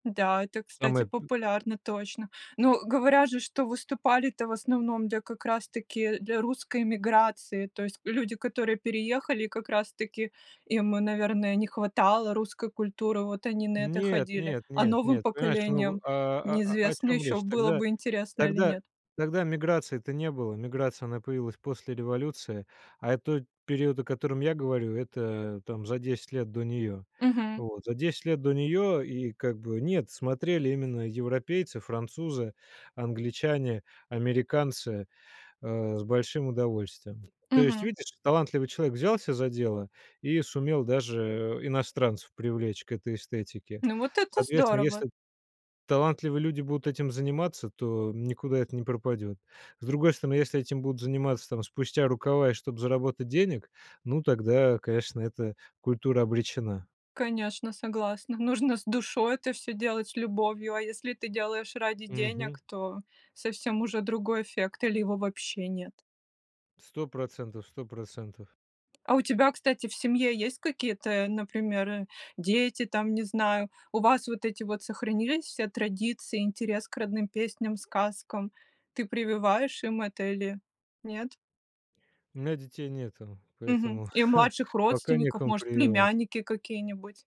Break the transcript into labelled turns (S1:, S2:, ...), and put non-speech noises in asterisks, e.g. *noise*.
S1: Да, это, кстати,
S2: Самые б
S1: популярно точно. Но говорят же, что выступали-то в основном для как раз таки для русской эмиграции. То есть люди, которые переехали, как раз таки им и, наверное, не хватало русской культуры, вот они на это
S2: Нет,
S1: ходили.
S2: нет,
S1: А
S2: нет,
S1: новым
S2: нет, понимаешь, ну,
S1: поколениям
S2: а а а, о
S1: неизвестно
S2: чем
S1: ещё,
S2: речь?
S1: было
S2: Тогда
S1: бы интересно или
S2: тогда
S1: нет.
S2: тогда миграции-то не было. Миграция, она появилась после революции. А, э, тот период, о котором я говорю, это, там, за 10 лет до неё. Э,
S1: Мгм.
S2: вот, за 10 лет до неё и как бы, нет, смотрели именно европейцы, французы, англичане, американцы, э, с большим удовольствием. То есть,
S1: Мгм.
S2: видишь, талантливый человек взялся за дело и сумел даже иностранцев привлечь к этой эстетике.
S1: Ну, вот это
S2: Соответственно,
S1: здорово.
S2: если талантливые люди будут этим заниматься, то никуда это не пропадет. С другой стороны, если этим будут заниматься, там, спустя рукава и чтоб заработать денег, ну, тогда, конечно, эта культура обречена.
S1: Конечно, согласна. Нужно с душой это всё делать, с любовью, а если ты делаешь ради денег,
S2: Мгм.
S1: то совсем уже другой эффект или его вообще нет?
S2: 100 %- 100 %.
S1: А у тебя, кстати, в семье есть какие-то, например, дети там, не знаю, у вас вот эти вот сохранились все традиции, интерес к родным песням, сказкам? Ты прививаешь им это или нет?
S2: У меня детей нету, *chuckles*
S1: Мгм.
S2: поэтому
S1: И младших
S2: пока
S1: родственников,
S2: некому
S1: может,
S2: прививать.
S1: племянники какие-нибудь?